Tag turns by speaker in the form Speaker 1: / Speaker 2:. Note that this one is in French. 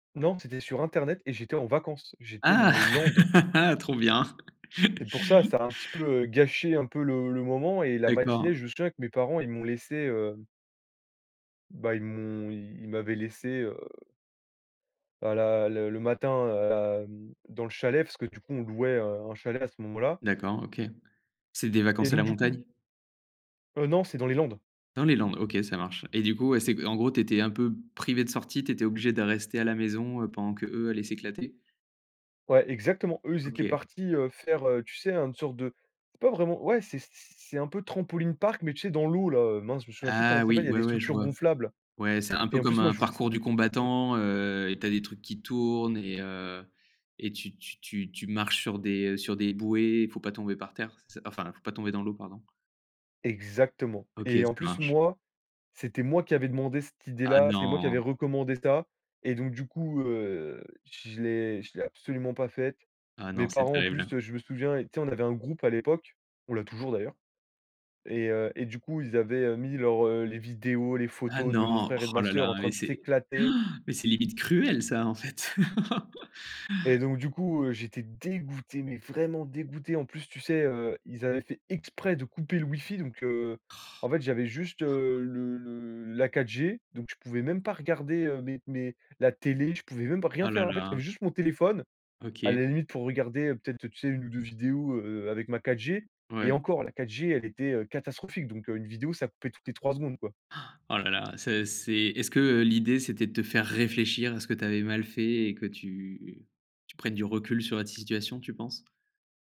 Speaker 1: Non, c'était sur internet et j'étais en vacances. J'étais dans
Speaker 2: Ah!
Speaker 1: les Landes
Speaker 2: Trop bien.
Speaker 1: c'est pour ça. Ça a un petit peu, heu, gâché un peu le le moment, et la matinée,
Speaker 2: D'accord.
Speaker 1: je me souviens que mes parents, ils m'ont laissé, heu bah ils m'ont ils Ils m'avaient laissé, heu bah, la le le matin, hem, dans le chalet, parce que, du coup, on louait, heu, un chalet à ce moment-là
Speaker 2: D'accord, OK. C'est des
Speaker 1: et
Speaker 2: vacances à
Speaker 1: donc
Speaker 2: la
Speaker 1: du coup
Speaker 2: montagne?
Speaker 1: Heu non, c'est dans les Landes.
Speaker 2: Dans les landes? OK, ça marche. Et du coup, ouais, c'est, en gros, tu étais un peu privé de sortie, tu étais obligé de rester à la maison, heu, pendant qu'eux allaient s'éclater.
Speaker 1: Ouais, exactement. Eux, ils étaient
Speaker 2: OK.
Speaker 1: partis, heu, faire, heu, tu sais? Heu, une sorte de pas vraiment. Ouais c'est c'est c'est un peu Trampoline Park, mais tu sais, dans l'eau, là, mince, je me souviens plus comment
Speaker 2: Ah
Speaker 1: ça
Speaker 2: oui,
Speaker 1: s'appelle, il y a
Speaker 2: ouais,
Speaker 1: des
Speaker 2: ouais, je
Speaker 1: structures
Speaker 2: vois.
Speaker 1: gonflables.
Speaker 2: Ouais, c'est un
Speaker 1: Et
Speaker 2: peu
Speaker 1: en
Speaker 2: comme
Speaker 1: plus moi,
Speaker 2: un
Speaker 1: je vous s
Speaker 2: parcours du
Speaker 1: mmh.
Speaker 2: combattant, heu, et tu as des trucs qui tournent et heu et tu tu tu tu marches sur des, heu, sur des bouées. Il faut pas tomber par terre. C'est c enfin, il ne faut pas tomber dans l'eau. Pardon.
Speaker 1: Exactement.
Speaker 2: OK,
Speaker 1: Et en
Speaker 2: ça
Speaker 1: plus,
Speaker 2: marche.
Speaker 1: moi, c'était moi qui avais demandé cette
Speaker 2: Ah
Speaker 1: idée-là, c'est moi qui avais
Speaker 2: non!
Speaker 1: recommandé ça et donc, du coup, heu, je l'ai je l'ai absolument pas faite.
Speaker 2: Ah
Speaker 1: Mes
Speaker 2: non, c'est
Speaker 1: parents, en
Speaker 2: terrible, hein.
Speaker 1: plus, heu, je me souviens, tu sais, on avait un groupe à l'époque. On l'a toujours d'ailleurs et heu et du coup, ils avaient, heu, mis leurs, heu, les vidéos, les
Speaker 2: Ah
Speaker 1: photos de mon
Speaker 2: non,
Speaker 1: frère et de
Speaker 2: oh
Speaker 1: ma
Speaker 2: la
Speaker 1: sœur en
Speaker 2: la,
Speaker 1: train
Speaker 2: mais
Speaker 1: de
Speaker 2: c'est
Speaker 1: s'éclater
Speaker 2: mais c'est limite cruel ça, en fait.
Speaker 1: et donc du coup, heu, j'étais dégoûté, mais vraiment dégoûté. En plus, tu sais, heu, ils avaient fait exprès de couper le wifi, donc heu, en fait, j'avais juste, heu, le le la 4G, donc je pouvais même pas regarder, heu, mes mes la télé. Je pouvais même pas rien
Speaker 2: Ah
Speaker 1: faire,
Speaker 2: là
Speaker 1: en fait.
Speaker 2: là.
Speaker 1: J'avais juste mon téléphone, à
Speaker 2: OK.
Speaker 1: la limite pour regarder, heu, peut-être, tu sais, 1 ou 2 vidéos, heu, avec ma 4G, et
Speaker 2: Ouais.
Speaker 1: encore la 4G, elle était, heu, catastrophique. Donc heu, 1 vidéo, ça coupait toutes les 3 secondes, quoi.
Speaker 2: Oh la la, c'est c'est est-ce que, heu, l'idée, c'était de te faire réfléchir à ce que tu avais mal fait et que tu tu prennes du recul sur la situation, tu penses?